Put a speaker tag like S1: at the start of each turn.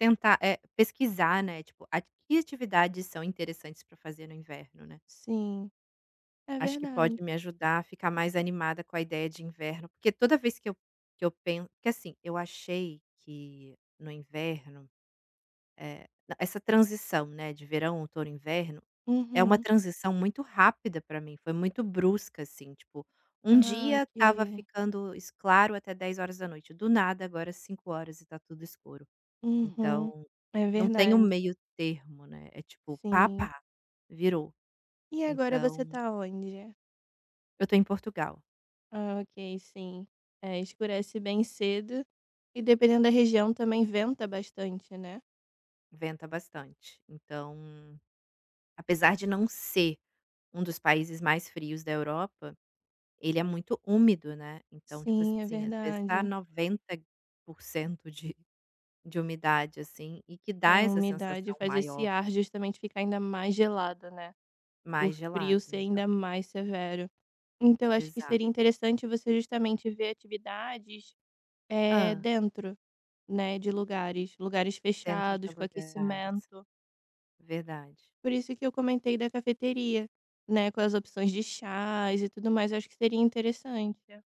S1: Tentar é, pesquisar, né, tipo, que atividades são interessantes para fazer no inverno, né.
S2: Sim, é
S1: Acho que pode
S2: verdade.
S1: me ajudar a ficar mais animada com a ideia de inverno porque toda vez que eu que eu penso, que assim, eu achei que no inverno, eh, essa transição, né, de verão, outono, inverno, é uma
S2: Uhum.
S1: transição muito rápida para mim, foi muito brusca assim tipo, 1
S2: Ah
S1: dia estava
S2: ok.
S1: ficando claro até 10 horas da noite, do nada agora 5 horas e está tudo escuro,
S2: Uhum,
S1: então
S2: é
S1: não tenho
S2: verdade.
S1: meio termo, né, é tipo
S2: Sim.
S1: pá-pá, virou,
S2: E agora você
S1: então.
S2: está onde?
S1: Eu estou em Portugal.
S2: Ah, ok sim, é escurece bem cedo, e dependendo da região também venta bastante, né.
S1: Venta bastante, então, apesar de não ser um dos países mais frios da Europa, ele é muito úmido, né, então tipo
S2: Sim, é
S1: assim às vezes está
S2: verdade.
S1: 90% de de umidade, assim, e que
S2: É
S1: dá
S2: a
S1: essa
S2: umidade
S1: sensação
S2: faz esse
S1: maior.
S2: ar justamente ficar ainda mais gelado, né. O
S1: Mais gelado
S2: frio ser
S1: então.
S2: ainda mais severo. Então eu acho que
S1: Exato.
S2: seria interessante você justamente ver atividades, eh,
S1: Hã.
S2: dentro, né, de lugares, lugares
S1: Dentro de
S2: fechados, com
S1: alguns lugares.
S2: aquecimento.
S1: Verdade.
S2: Por isso que eu comentei da cafeteria, né, com as opções de chás e tudo mais, eu acho que seria interessante.